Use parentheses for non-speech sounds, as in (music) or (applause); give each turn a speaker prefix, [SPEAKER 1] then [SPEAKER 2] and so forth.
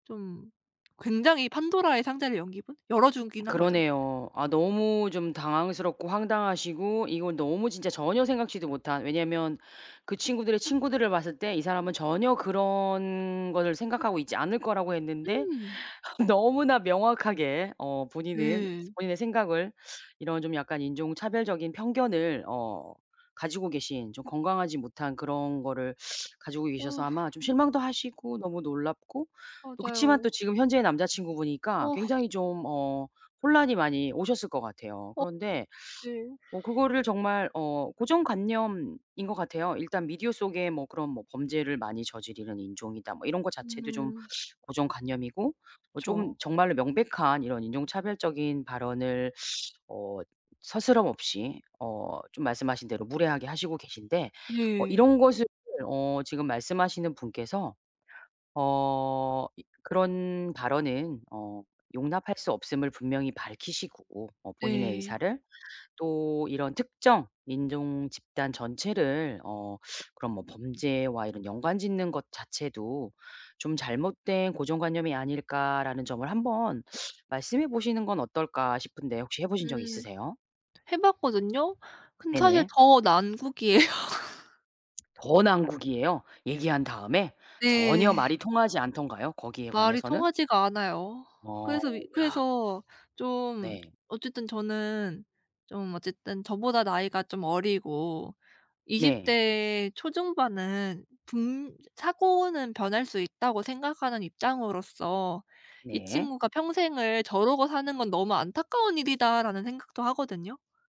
[SPEAKER 1] 좀 굉장히 판도라의 상자를 연 기분? 열어주긴 한거죠.
[SPEAKER 2] 그러네요. 아 너무 좀 당황스럽고 황당하시고 이건 너무 진짜 전혀 생각지도 못한 왜냐면 그 친구들의 친구들을 봤을 때 이 사람은 전혀 그런 거를 생각하고 있지 않을 거라고 했는데
[SPEAKER 1] 음.
[SPEAKER 2] (laughs) 너무나 명확하게 어 본인은
[SPEAKER 1] 네.
[SPEAKER 2] 본인의 생각을 이런 좀 약간 인종차별적인 편견을 어 가지고 계신 좀 건강하지 못한 그런 거를 가지고 계셔서
[SPEAKER 1] 어후.
[SPEAKER 2] 아마 좀 실망도 하시고 너무 놀랍고 또 그치만 또
[SPEAKER 1] 맞아요.
[SPEAKER 2] 지금 현재의 남자친구분이니까
[SPEAKER 1] 아.
[SPEAKER 2] 굉장히 좀 어 혼란이 많이 오셨을 것 같아요.
[SPEAKER 1] 어.
[SPEAKER 2] 그런데
[SPEAKER 1] 네.
[SPEAKER 2] 뭐 그거를 정말 어 고정관념인 것 같아요. 일단 미디어 속에 뭐 그런 뭐 범죄를 많이 저지르는 인종이다. 뭐 이런 거 자체도 좀
[SPEAKER 1] 음.
[SPEAKER 2] 고정관념이고 뭐 조금
[SPEAKER 1] 그쵸.
[SPEAKER 2] 정말로 명백한 이런 인종차별적인 발언을 어 스스럼없이 어 좀 말씀하신 대로 무례하게 하시고 계신데 어
[SPEAKER 1] 네.
[SPEAKER 2] 이런 것을 어 지금 말씀하시는 분께서 어 이 그런 발언은어 용납할 수 없음을 분명히 밝히시고 어 본인의
[SPEAKER 1] 네.
[SPEAKER 2] 의사를 또 이런 '특정 인종 집단 전체를 어 그런 뭐 범죄와 이런 연관 짓는 것 자체도 좀 잘못된 고정관념이 아닐까.'라는 점을 1 번 말씀해 보시는 건 어떨까 싶은데 혹시 해 보신 적
[SPEAKER 1] 음.
[SPEAKER 2] 있으세요?
[SPEAKER 1] 해 봤거든요. 근데 사실
[SPEAKER 2] 네네.
[SPEAKER 1] 더 난국이에요.
[SPEAKER 2] 더 난국이에요? 얘기한 다음에. 전혀
[SPEAKER 1] 네.
[SPEAKER 2] 말이 통하지 않던가요? 거기에
[SPEAKER 1] 말이
[SPEAKER 2] 관해서는?
[SPEAKER 1] 통하지가 않아요.
[SPEAKER 2] 어
[SPEAKER 1] 그래서 이
[SPEAKER 2] 야.
[SPEAKER 1] 그래서 좀
[SPEAKER 2] 네.
[SPEAKER 1] 어쨌든 저는 좀 어쨌든 저보다 나이가 좀 어리고 20
[SPEAKER 2] 네.
[SPEAKER 1] 대 초중반은 분 사고는 변할 수 있다고 생각하는 입장으로서 '이
[SPEAKER 2] 네.
[SPEAKER 1] 친구가 평생을 저러고 사는 건 너무 안타까운 일이다.'라는 생각도 하거든요.